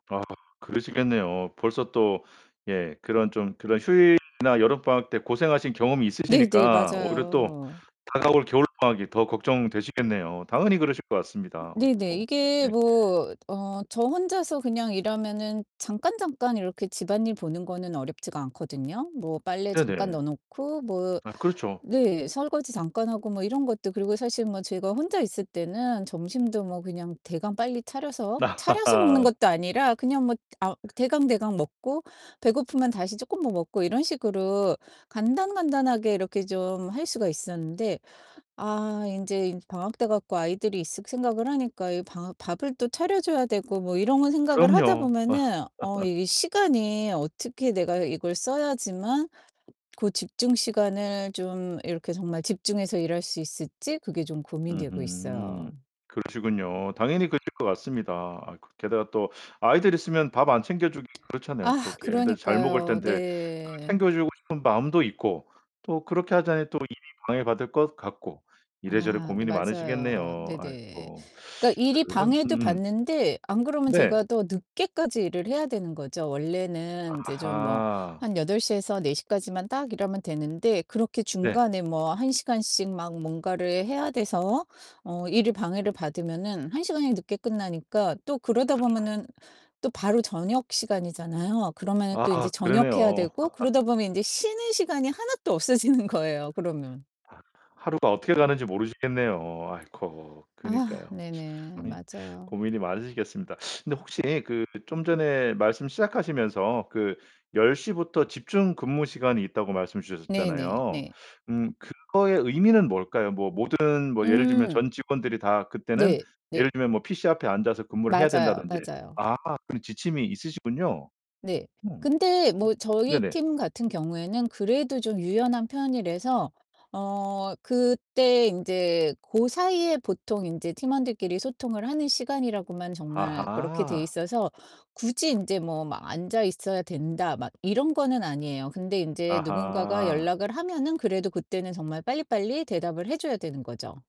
아, 그러시겠네요. 벌써 또 예 그런 좀 그런 휴일이나 여름 방학 때 고생하신 경험이 네네 있으시니까 오히려 또 맞아요. 다가올 겨울 방학이 더 걱정되시겠네요. 당연히 그러실 것 같습니다. 네네. 아이코 이게 네. 뭐 어 저 혼자서 그냥 일하면은 잠깐 잠깐 이렇게 집안일 보는 거는 어렵지가 않거든요. 뭐 빨래 잠깐 네네. 넣어 놓고 뭐 아, 그렇죠. 네 설거지 잠깐 하고 뭐 이런 것도 그리고 사실 뭐 제가 혼자 있을 때는 점심도 뭐 그냥 대강 빨리 차려서 차려서 먹는 것도 아니라 그냥 뭐 아 대강대강 먹고 배고프면 다시 쪼끔 뭐 먹고 이런 식으로 간단간단하게 이렇게 좀 할 수가 있었는데 아 인제 이 방학 돼 갖고 아이들이 있을 생각을 하니까 이 방하 밥을 또 차려 줘야 되고 뭐 이런 생각을 하다 그럼요. 어. 보면은 어 이게 시간이 어떻게 내가 이걸 써야지만 그 집중 시간을 좀 이렇게 정말 집중해서 일할 수 있을지 그게 좀 고민되고 있어요. 으흠. 그러시군요. 당연히 그러실 것 같습니다. 아이 그 게다가 또 아이들 있으면 밥 안 챙겨 주기 그렇잖아요. 또 아 애들 잘 먹을 그러니까요. 땐데 그 네. 챙겨주고 싶은 마음도 있고 또 그렇게 하자니 또 일이 방해받을 것 같고 이래저래 아 네, 고민이 맞아요. 많으시겠네요. 네네. 아이코. 그러니까 일이 그럼 방해도 음음. 받는데 안 그러면 네. 제가 더 늦게까지 일을 해야 되는 거죠. 원래는 이제 좀 뭐 아하. 한 8 시에서 4 시까지만 딱 일하면 되는데 그렇게 네. 중간에 뭐 1 시간씩 막 뭔가를 해야 돼서 어 일을 방해를 받으면은 1 시간이 늦게 끝나니까 또 그러다 [unintelligible] 보면은 또 바로 저녁 시간이잖아요. 그러면은 또 아 인제 저녁해야 그러네요. 되고 그러다 보면 인제 쉬는 시간이 하나도 없어지는 거예요 그러면. 아 하루가 어떻게 가는지 모르시겠네요. 아이코, 아 그니까요. 네네. 참 이 맞아요. 고민이 많으시겠습니다. 근데 혹시 그 좀 전에 말씀 시작하시면서 그 10 시부터 집중 근무 시간이 있다고 말씀 네 네, 주셨었잖아요. 네. 음 그거의 의미는 뭘까요? 뭐 모든 뭐 예를 들면 음. 전 직원들이 다 그때는 네. 예를 네. 들면 뭐 PC 앞에 앉아서 근무를 해야 맞아요, 된다든지 맞아요. 아하, 그런 지침이 있으시군요. 네. 음. 근데 뭐 저희 네네. 팀 같은 경우에는 그래도 좀 유연한 편이라서 어 그때 인제 고 사이에 보통 인제 팀원들끼리 소통을 하는 시간이라고만 정말 그렇게 돼 아하. 있어서 굳이 인제 뭐 막 '앉아 있어야 된다.' 막 이런 거는 아니에요. 근데 인제 누군가가 아하. 연락을 하면은 그래도 그때는 정말 빨리빨리 대답을 해 줘야 되는 거죠.